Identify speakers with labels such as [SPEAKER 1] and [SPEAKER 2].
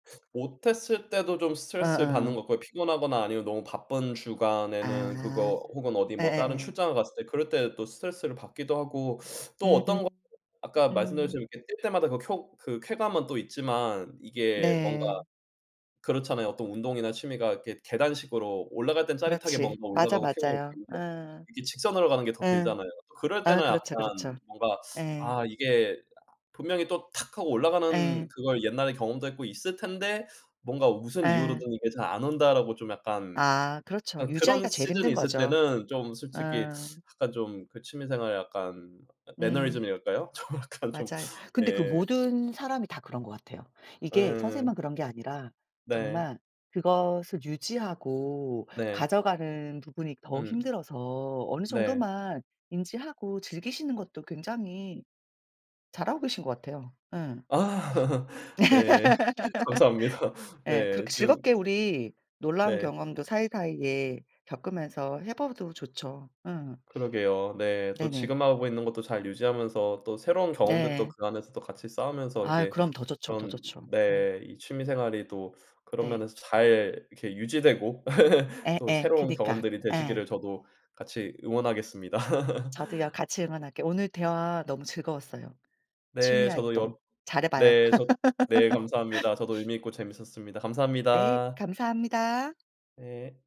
[SPEAKER 1] 못했을 때도 좀 스트레스받는 것
[SPEAKER 2] 어어.
[SPEAKER 1] 같고요. 피곤하거나 아니면 너무 바쁜 주간에는
[SPEAKER 2] 아
[SPEAKER 1] 그거 혹은 어디 뭐 다른
[SPEAKER 2] 예예예.
[SPEAKER 1] 출장을 갔을 때 그럴 때 또 스트레스를 받기도 하고 또 어떤 거
[SPEAKER 2] 음음.
[SPEAKER 1] [unintelligible] 아까
[SPEAKER 2] 음.
[SPEAKER 1] 말씀드렸지만 이렇게 뛸 때마다 그 쿄 그 쾌감은 또 있지만 이게 뭔가
[SPEAKER 2] 네.
[SPEAKER 1] 그렇잖아요. 또 운동이나 취미가 이렇게 계단식으로 올라갈 땐 짜릿하게
[SPEAKER 2] 그렇지.
[SPEAKER 1] 뭔가
[SPEAKER 2] 맞아,
[SPEAKER 1] 올라가고 쾌감을
[SPEAKER 2] 맞아요. 어.
[SPEAKER 1] 느끼는데 이게 직선으로 가는 게 더
[SPEAKER 2] 어.
[SPEAKER 1] 길잖아요. 그럴
[SPEAKER 2] 아
[SPEAKER 1] 때는
[SPEAKER 2] 그렇죠, 그렇죠.
[SPEAKER 1] 약간 뭔가
[SPEAKER 2] 예.
[SPEAKER 1] '아 이게 분명히 또 탁 하고 올라가는
[SPEAKER 2] 예.
[SPEAKER 1] 그걸 옛날에 경험도 했고 있을 텐데 뭔가 무슨
[SPEAKER 2] 예.
[SPEAKER 1] 이유로든 이게 잘 안 온다.'라고 좀 약간
[SPEAKER 2] 아 그렇죠.
[SPEAKER 1] 아 그런
[SPEAKER 2] 유지하기가 제일
[SPEAKER 1] 시즌이
[SPEAKER 2] 힘든
[SPEAKER 1] 있을
[SPEAKER 2] 거죠.
[SPEAKER 1] 때는 좀 솔직히
[SPEAKER 2] 어.
[SPEAKER 1] 약간 좀 그 취미생활에 약간
[SPEAKER 2] 음.
[SPEAKER 1] 매너리즘이랄까요? 좀 약간 좀
[SPEAKER 2] 맞아요. 근데 그
[SPEAKER 1] 예.
[SPEAKER 2] 모든 사람이 다 그런 것 같아요. 이게
[SPEAKER 1] 예예예.
[SPEAKER 2] 선생님만 그런 게 아니라
[SPEAKER 1] 네.
[SPEAKER 2] 정말 그것을 유지하고
[SPEAKER 1] 네.
[SPEAKER 2] 가져가는 부분이 더
[SPEAKER 1] 음.
[SPEAKER 2] 힘들어서 어느
[SPEAKER 1] 네.
[SPEAKER 2] 정도만 인지하고 즐기시는 것도 굉장히 잘하고 계신 것 같아요. 예.
[SPEAKER 1] 아 예. 감사합니다.
[SPEAKER 2] 예.
[SPEAKER 1] 네.
[SPEAKER 2] 그렇게
[SPEAKER 1] 지금
[SPEAKER 2] 즐겁게 우리 놀라운
[SPEAKER 1] 네.
[SPEAKER 2] 경험도 사이사이에 겪으면서 해 봐도 좋죠. 응.
[SPEAKER 1] 그러게요. 네. 또
[SPEAKER 2] 네네.
[SPEAKER 1] 지금 하고 있는 것도 잘 유지하면서 또 새로운 경험들도
[SPEAKER 2] 네.
[SPEAKER 1] 그 안에서 또 같이 쌓으면서
[SPEAKER 2] 아이
[SPEAKER 1] 이게
[SPEAKER 2] 그럼 더 좋죠, 더
[SPEAKER 1] 그런
[SPEAKER 2] 좋죠. 네.
[SPEAKER 1] 네 이 취미생활이 또 그런
[SPEAKER 2] 네.
[SPEAKER 1] 면에서 잘 이렇게 유지되고 또
[SPEAKER 2] 예예.
[SPEAKER 1] 새로운
[SPEAKER 2] 그니까.
[SPEAKER 1] 경험들이
[SPEAKER 2] 예.
[SPEAKER 1] 되시기를 저도 같이 응원하겠습니다.
[SPEAKER 2] 저도요. 같이 응원할게요. 오늘 대화 너무 즐거웠어요. 취미
[SPEAKER 1] 네. 저도 여
[SPEAKER 2] 활동 잘해봐요.
[SPEAKER 1] 네 저 네 감사합니다. 저도 의미 있고 재밌었습니다.
[SPEAKER 2] 네
[SPEAKER 1] 감사합니다.
[SPEAKER 2] 감사합니다.
[SPEAKER 1] 네.